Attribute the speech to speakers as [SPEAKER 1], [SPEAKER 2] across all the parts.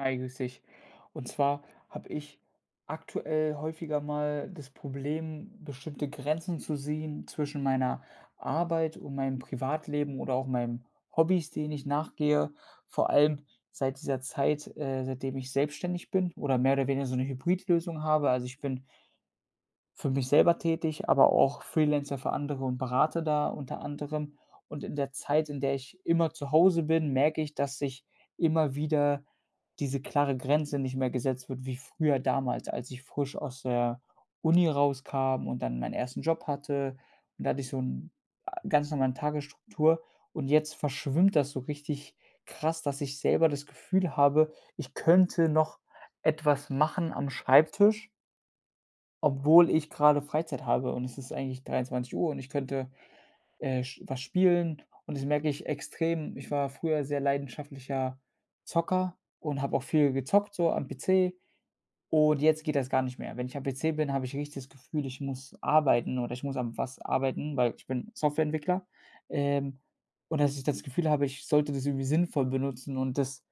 [SPEAKER 1] Hi, grüße dich. Und zwar habe ich aktuell häufiger mal das Problem, bestimmte Grenzen zu sehen zwischen meiner Arbeit und meinem Privatleben oder auch meinen Hobbys, denen ich nachgehe. Vor allem seit dieser Zeit, äh, seitdem ich selbstständig bin oder mehr oder weniger so 'ne Hybridlösung habe. Also, ich bin für mich selber tätig, aber auch Freelancer für andere und berate da unter anderem. Und in der Zeit, in der ich immer zu Hause bin, merke ich, dass ich immer wieder diese klare Grenze nicht mehr gesetzt wird, wie früher damals, als ich frisch aus der Uni rauskam und dann meinen ersten Job hatte. Und da hatte ich so 'n ä ganz normalen Tagesstruktur und jetzt verschwimmt das so richtig krass, dass ich selber das Gefühl habe, ich könnte noch etwas machen am Schreibtisch obwohl ich gerade Freizeit habe und es ist eigentlich 23:00 und ich könnte, äh, sch was spielen und das merke ich extrem. Ich war früher sehr leidenschaftlicher Zocker und habe auch viel gezockt, so am PC, und jetzt geht das gar nicht mehr. Wenn ich am PC bin, habe ich richtig das Gefühl, ich muss arbeiten oder ich muss an was arbeiten, weil ich bin Softwareentwickler. Ähm, und dass ich das Gefühl habe, ich sollte das irgendwie sinnvoll benutzen und das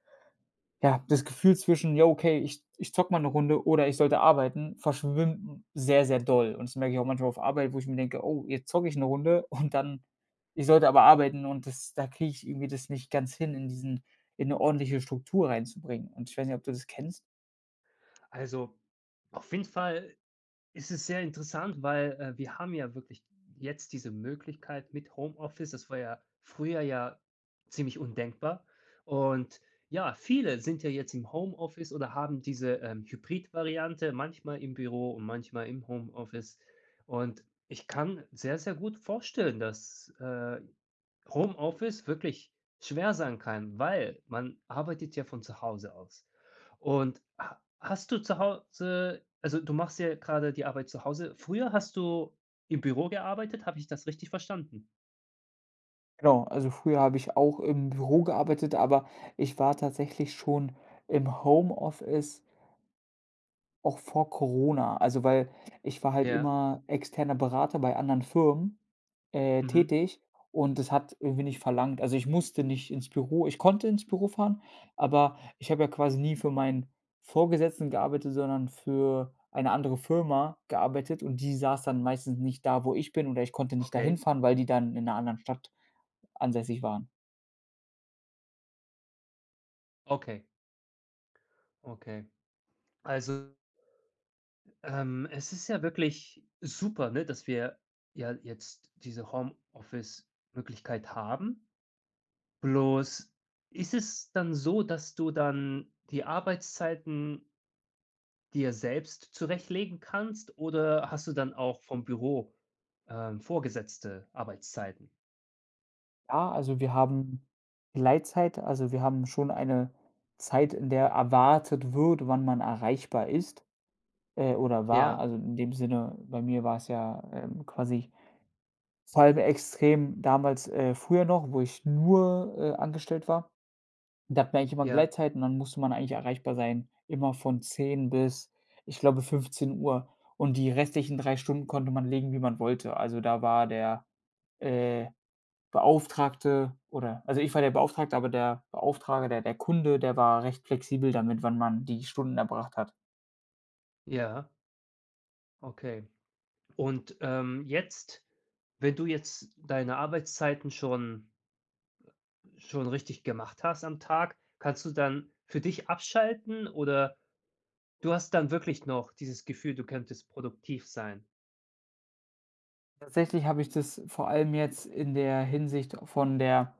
[SPEAKER 1] ja, das Gefühl zwischen: „Jo, okay, ich ich zocke mal 'ne Runde oder ich sollte arbeiten", verschwimmt sehr, sehr doll. Und das merke ich auch manchmal auf Arbeit, wo ich mir denke: „Oh, jetzt zocke ich 'ne Runde und dann" ich sollte aber arbeiten und das da kriege ich irgendwie das nicht ganz hin, in diesen in 'ne ordentliche Struktur reinzubringen. Und ich weiß nicht, ob du das kennst?
[SPEAKER 2] Also, auf jeden Fall ist es sehr interessant, weil, äh, wir haben ja wirklich jetzt diese Möglichkeit mit Homeoffice. Das war ja früher ja ziemlich undenkbar. Und ja, viele sind ja jetzt im Homeoffice oder haben diese, ähm, Hybrid-Variante, manchmal im Büro und manchmal im Homeoffice. Und, ich kann sehr, sehr gut vorstellen, dass, äh, Homeoffice wirklich schwer sein kann, weil man arbeitet ja von zu Hause aus und ha hast du zu Hause also du machst ja gerade die Arbeit zu Hause, früher hast du im Büro gearbeitet, habe ich das richtig verstanden?
[SPEAKER 1] Genau, also früher habe ich auch im Büro gearbeitet, aber ich war tatsächlich schon im Homeoffice auch vor Corona. Also weil, ich war halt
[SPEAKER 2] Ja.
[SPEAKER 1] immer externer Berater bei anderen Firmen, äh,
[SPEAKER 2] Mhm.
[SPEAKER 1] tätig und das hat irgendwie nicht verlangt also, ich musste nicht ins Büro, ich konnte ins Büro fahren, aber ich habe ja quasi nie für meinen Vorgesetzten gearbeitet, sondern für eine andere Firma gearbeitet und die saß dann meistens nicht da, wo ich bin oder ich konnte nicht da
[SPEAKER 2] Okay.
[SPEAKER 1] hinfahren, weil die dann in ‘ner anderen Stadt ansässig waren.
[SPEAKER 2] Okay. Okay. Also ähm, es ist ja wirklich, super, ne, dass wir ja jetzt diese Homeoffice-Möglichkeit haben, bloß, ist es dann so, dass du dann die Arbeitszeiten dir selbst zurechtlegen kannst, oder hast du dann auch vom Büro, ähm, vorgesetzte Arbeitszeiten?
[SPEAKER 1] Ja, also wir haben, Gleitzeit. Also, wir haben schon eine Zeit, in der erwartet wird, wann man erreichbar ist, äh, oder war,
[SPEAKER 2] Ja.
[SPEAKER 1] also in dem Sinne, bei mir war es ja, ähm, quasi [unintelligible] extrem, damals, äh, früher noch, wo ich nur, äh, angestellt war. Da hat man eigentlich immer
[SPEAKER 2] Ja.
[SPEAKER 1] Gleitzeit und dann musste man eigentlich erreichbar sein, immer von 10 bis, ich glaube 15:00 und die restlichen 3 Stunden konnte man legen, wie man wollte. Also, da war der, äh, Beauftragte oder also ich war der Beauftragte, aber der Beauftrager, der der Kunde, der war recht flexibel damit, wann man die Stunden erbracht hat.
[SPEAKER 2] Ja. Okay. Und, ähm, jetzt, wenn du jetzt deine Arbeitszeiten schon schon richtig gemacht hast, am Tag. Kannst du dann für dich abschalten, oder du hast dann wirklich noch dieses Gefühl, du könntest produktiv sein?
[SPEAKER 1] Tatsächlich habe ich das vor allem jetzt in der Hinsicht von der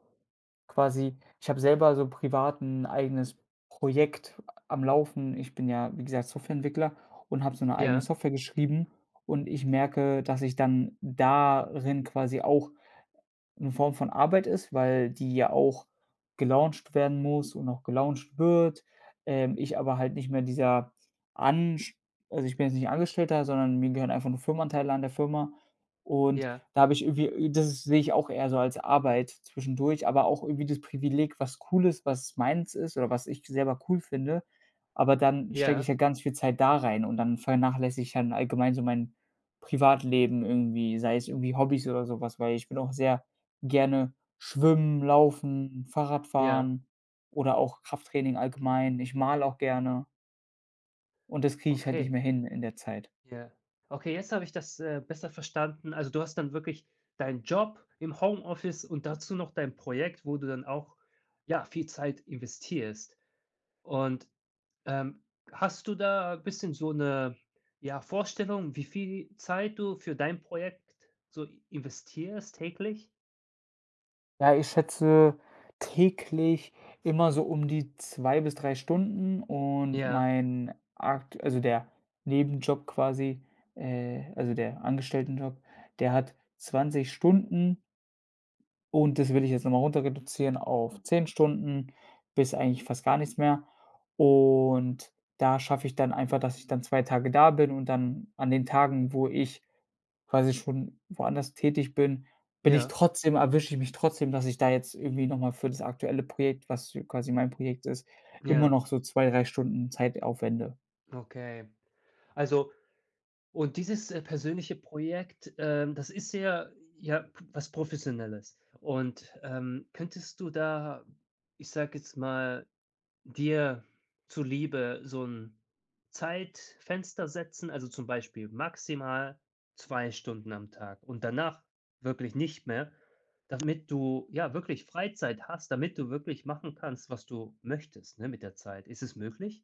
[SPEAKER 1] quasi ich habe selber so privat 'n eigenes Projekt am Laufen. Ich bin ja, wie gesagt, Softwareentwickler und habe so 'ne eigene
[SPEAKER 2] Ja.
[SPEAKER 1] Software geschrieben und ich merke, dass ich dann darin quasi auch 'ne Form von Arbeit ist, weil die ja auch gelauncht werden muss und auch gelauncht wird. Ähm, ich aber halt nicht mehr dieser Ansch also ich bin jetzt nicht Angestellter, sondern mir gehören einfach nur Firmenanteile an der Firma und
[SPEAKER 2] Ja.
[SPEAKER 1] da habe ich irgendwie äh, das sehe ich auch eher so als Arbeit zwischendurch, aber auch irgendwie das Privileg, was cool ist, was meins ist oder was ich selber cool finde. Aber dann stecke ich
[SPEAKER 2] Ja.
[SPEAKER 1] ja ganz viel Zeit da rein und dann vernachlässige ich halt allgemein so mein Privatleben irgendwie, sei es irgendwie Hobbys oder sowas, weil ich will auch sehr gerne schwimmen, laufen, Fahrrad
[SPEAKER 2] Ja.
[SPEAKER 1] fahren oder auch Krafttraining allgemein. Ich male auch gerne. Und das kriege ich halt nicht
[SPEAKER 2] Okay.
[SPEAKER 1] mehr hin in der Zeit.
[SPEAKER 2] Ja. Okay, jetzt habe ich das, äh, besser verstanden. Also, du hast dann wirklich deinen Job im Homeoffice und dazu noch dein Projekt, wo du dann auch, ja, viel Zeit investierst. Und, ähm, hast du da bisschen so 'ne, ja, Vorstellung, wie viel Zeit du für dein Projekt so investierst täglich?
[SPEAKER 1] Ja, ich schätze täglich immer so um die 2 bis 3 Stunden und
[SPEAKER 2] Ja.
[SPEAKER 1] mein aktue also der Nebenjob quasi, äh also der Angestelltenjob, der hat 20 Stunden. Und das will ich jetzt nochmal runter reduzieren auf 10 Stunden bis eigentlich fast gar nichts mehr. Und da schaffe ich dann einfach, dass ich dann 2 Tage da bin und dann an den Tagen, wo ich quasi schon woanders tätig bin, bin ich
[SPEAKER 2] Ja.
[SPEAKER 1] trotzdem erwische ich mich trotzdem, dass ich da jetzt irgendwie nochmal für das aktuelle Projekt, was ja quasi mein Projekt ist, immer
[SPEAKER 2] Ja.
[SPEAKER 1] noch so 2, 3 Stunden Zeit aufwende.
[SPEAKER 2] Okay, also und dieses, äh, persönliche Projekt, ähm, das ist ja ja, p was Professionelles. Und, ähm, könntest du da, ich sage jetzt mal, dir zuliebe so 'n Zeitfenster setzen, also zum Beispiel maximal 2 Stunden am Tag und danach wirklich nicht mehr damit du, ja, wirklich Freizeit hast, damit du wirklich machen kannst, was du möchtest, ne, mit der Zeit. Ist es möglich?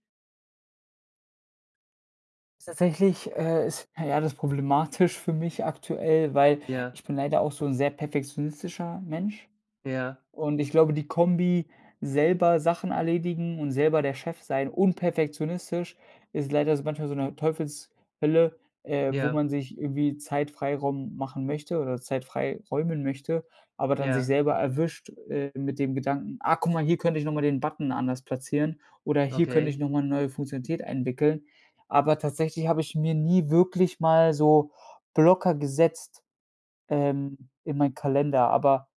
[SPEAKER 1] Tatsächlich, äh, ist [unintelligible] alles problematisch für mich aktuell, weil
[SPEAKER 2] Ja.
[SPEAKER 1] ich bin leider auch so 'n sehr perfektionistischer Mensch.
[SPEAKER 2] Ja.
[SPEAKER 1] Und ich glaube, die Kombi, selber Sachen erledigen und selber der Chef sein und perfektionistisch, ist leider so manchmal so 'ne Teufelshölle, äh, wo
[SPEAKER 2] Ja.
[SPEAKER 1] man sich irgendwie Zeit-Freiraum machen möchte oder Zeit frei räumen möchte, aber dann sich
[SPEAKER 2] Ja
[SPEAKER 1] selber erwischt, äh, mit dem Gedanken: „Ah, guck mal, hier könnte ich nochmal den Button anders platzieren oder hier könnte
[SPEAKER 2] Okay.
[SPEAKER 1] ich nochmal 'ne neue Funktionalität einwickeln." Aber tatsächlich habe ich mir nie wirklich mal so Blocker gesetzt, ähm, in meinen Kalender. Aber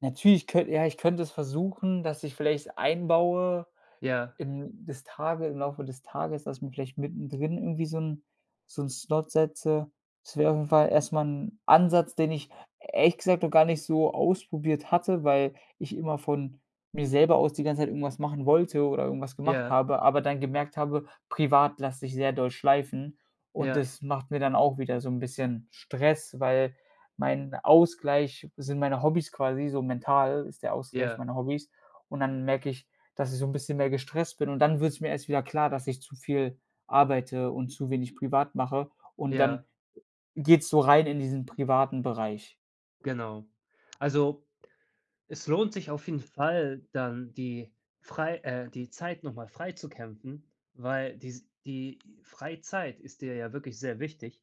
[SPEAKER 1] natürlich könn ja, ich könnte es versuchen, dass ich vielleicht einbaue,
[SPEAKER 2] Ja.
[SPEAKER 1] in das Tage im Laufe des Tages, dass ich mir vielleicht mittendrin irgendwie so 'n so 'n Slot setze. Das wäre auf jeden Fall erstmal 'n Ansatz, den ich ehrlich gesagt noch gar nicht so ausprobiert hatte, weil ich immer von mir selber aus die ganze Zeit irgendwas machen wollte oder irgendwas gemacht
[SPEAKER 2] Ja.
[SPEAKER 1] habe, aber dann gemerkt habe, privat lasse ich sehr doll schleifen und
[SPEAKER 2] Ja.
[SPEAKER 1] das macht mir dann auch wieder so 'n bisschen Stress, weil mein Ausgleich sind meine Hobbys quasi so mental ist der Ausgleich
[SPEAKER 2] Ja.
[SPEAKER 1] meine Hobbys. Und dann merke ich, dass ich so 'n bisschen mehr gestresst bin und dann wird es mir erst wieder klar, dass ich zu viel arbeite und zu wenig privat mache und
[SPEAKER 2] Ja.
[SPEAKER 1] dann geht es so rein in diesen privaten Bereich.
[SPEAKER 2] Genau. Also, es lohnt sich auf jeden Fall dann die frei äh, die Zeit noch mal frei zu kämpfen, weil dies die Freizeit ist dir ja wirklich sehr wichtig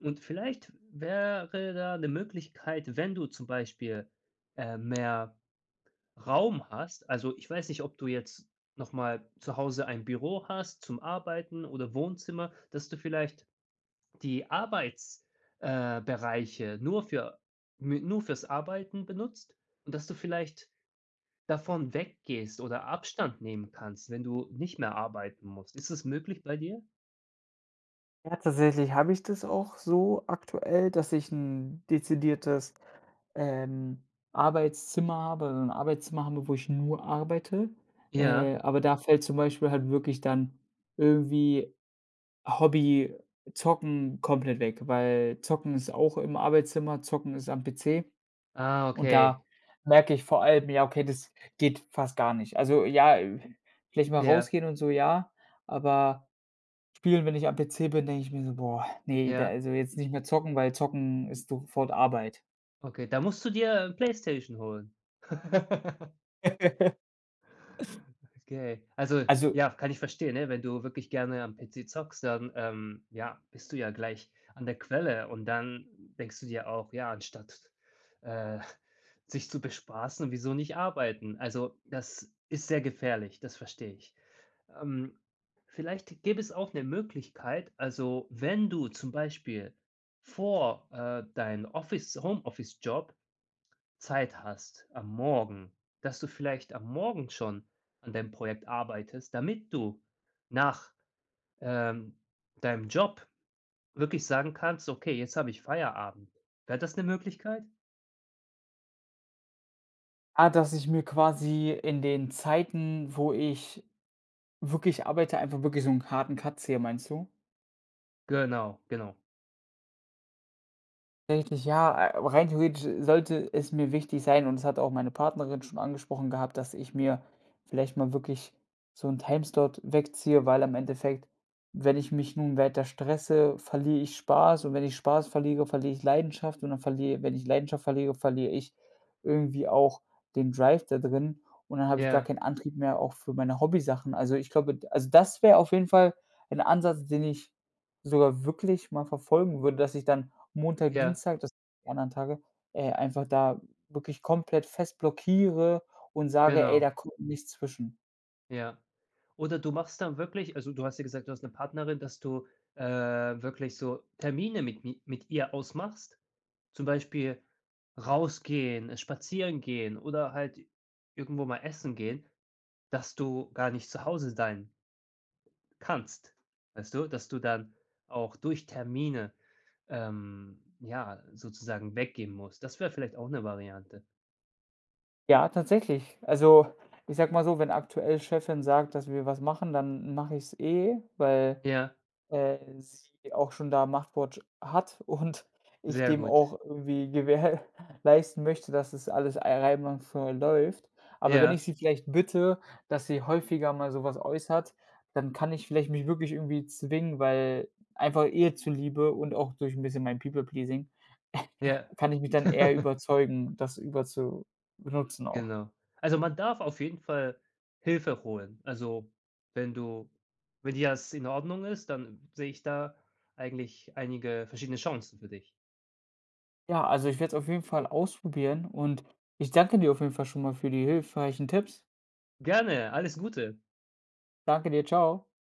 [SPEAKER 2] und vielleicht wäre da 'ne Möglichkeit, wenn du zum Beispiel, äh, mehr Raum hast. Also, ich weiß nicht, ob du jetzt noch mal zu Hause ein Büro hast zum Arbeiten oder Wohnzimmer, dass du vielleicht die Arbeits äh, Bereiche nur für mü nur für‘s Arbeiten benutzt und dass du vielleicht davon weggehst oder Abstand nehmen kannst, wenn du nicht mehr arbeiten musst. Ist das möglich bei dir?
[SPEAKER 1] Ja, tatsächlich habe ich das auch so aktuell, dass ich 'n dezidiertes, ähm, Arbeitszimmer habe ‘n Arbeitszimmer habe, wo ich nur arbeite.
[SPEAKER 2] Ja.
[SPEAKER 1] Äh, aber da fällt zum Beispiel halt wirklich dann irgendwie Hobby Zocken komplett weg, weil Zocken ist auch im Arbeitszimmer, Zocken ist am PC
[SPEAKER 2] Ah,
[SPEAKER 1] und
[SPEAKER 2] okay.
[SPEAKER 1] da merke ich vor allem, ja, okay, das geht fast gar nicht. Also ja, äh, vielleicht mal
[SPEAKER 2] Ja.
[SPEAKER 1] rausgehen und so, ja, aber spielen, wenn ich am PC bin, denke ich mir so: „Boah, ne, de
[SPEAKER 2] Ja.
[SPEAKER 1] also jetzt nicht mehr zocken, weil zocken ist sofort Arbeit.“
[SPEAKER 2] Okay, da musst du dir, äh, PlayStation holen. Okay. Also
[SPEAKER 1] Also
[SPEAKER 2] ja, kann ich verstehen, ne? Wenn du wirklich gerne am PC zockst, dann, ähm, ja, bist du ja gleich an der Quelle und dann denkst du dir auch, ja, anstatt, äh, sich zu bespaßen, wieso nicht arbeiten? Also, das ist sehr gefährlich, das verstehe ich. Ähm, vielleicht gäbe es auch 'ne Möglichkeit, also wenn du zum Beispiel vor, äh, dein Office Homeoffice-Job Zeit hast am Morgen, dass du vielleicht am Morgen schon an deinem Projekt arbeitest, damit du nach, ähm, deinem Job wirklich sagen kannst: „Okay, jetzt habe ich Feierabend.“ Wäre das 'ne Möglichkeit?
[SPEAKER 1] Ah, dass ich mir quasi in den Zeiten, wo ich wirklich arbeite, einfach wirklich so 'n harten Cut ziehe, meinst du?
[SPEAKER 2] Genau, genau.
[SPEAKER 1] Eigentlich, ja. Äh, aber rein theoretisch sollte es mir wichtig sein und das hat auch meine Partnerin schon angesprochen gehabt, dass ich mir vielleicht mal wirklich so 'n Timeslot wegziehe, weil am Endeffekt, wenn ich mich nun weiter stresse, verliere ich Spaß und wenn ich Spaß verliere, verliere ich Leidenschaft und dann verliere wenn ich Leidenschaft verliere, verliere ich irgendwie auch den Drive da drin und dann habe ich gar
[SPEAKER 2] Ja.
[SPEAKER 1] kein Antrieb mehr auch für meine Hobbysachen. Also ich glaube, d also das wäre auf jeden Fall ein Ansatz, den ich sogar wirklich mal verfolgen würde, dass ich dann Montag,
[SPEAKER 2] Ja.
[SPEAKER 1] Dienstag dass die anderen Tage, äh, einfach da wirklich komplett fest blockiere und sage: „Ey,
[SPEAKER 2] Genau.
[SPEAKER 1] da kommt nichts zwischen.“
[SPEAKER 2] Ja. Oder du machst dann wirklich also, du hast ja gesagt, du hast 'ne Partnerin, dass du, äh, wirklich so Termine mit mi mit ihr ausmachst. Zum Beispiel rausgehen, spazieren gehen oder halt irgendwo mal essen gehen, dass du gar nicht zu Hause sein kannst, weißt du? Dass du dann auch durch Termine, ähm, ja, sozusagen weggehen musst. Das wäre vielleicht auch 'ne Variante.
[SPEAKER 1] Ja, tatsächlich. Also, ich sage mal so, wenn aktuell Chefin sagt, dass wir was machen, dann mache ich es eh, weil,
[SPEAKER 2] Ja.
[SPEAKER 1] äh, sie auch schon da 'n Machtwort hat und ich
[SPEAKER 2] Sehr
[SPEAKER 1] dem
[SPEAKER 2] gut.
[SPEAKER 1] auch irgendwie gewährleisten möchte, dass das alles ei einwandfrei läuft. Aber wenn ich
[SPEAKER 2] Ja.
[SPEAKER 1] sie vielleicht bitte, dass sie häufiger mal sowas äußert, dann kann ich vielleicht mich wirklich irgendwie zwingen weil einfach ihr zuliebe und auch durch 'n bisschen mein People-Pleasing,
[SPEAKER 2] Ja.
[SPEAKER 1] kann ich mich dann eher überzeugen, das über zu benutzen auch.
[SPEAKER 2] Genau. Also, man darf auf jeden Fall Hilfe holen. Also, wenn du wenn dir das in Ordnung ist, dann sehe ich da eigentlich einige verschiedene Chancen für dich.
[SPEAKER 1] Ja, also, ich werde es auf jeden Fall ausprobieren und ich danke dir auf jeden Fall schon mal für die hilfreichen Tipps.
[SPEAKER 2] Gerne, alles Gute.
[SPEAKER 1] Danke dir. Tschau.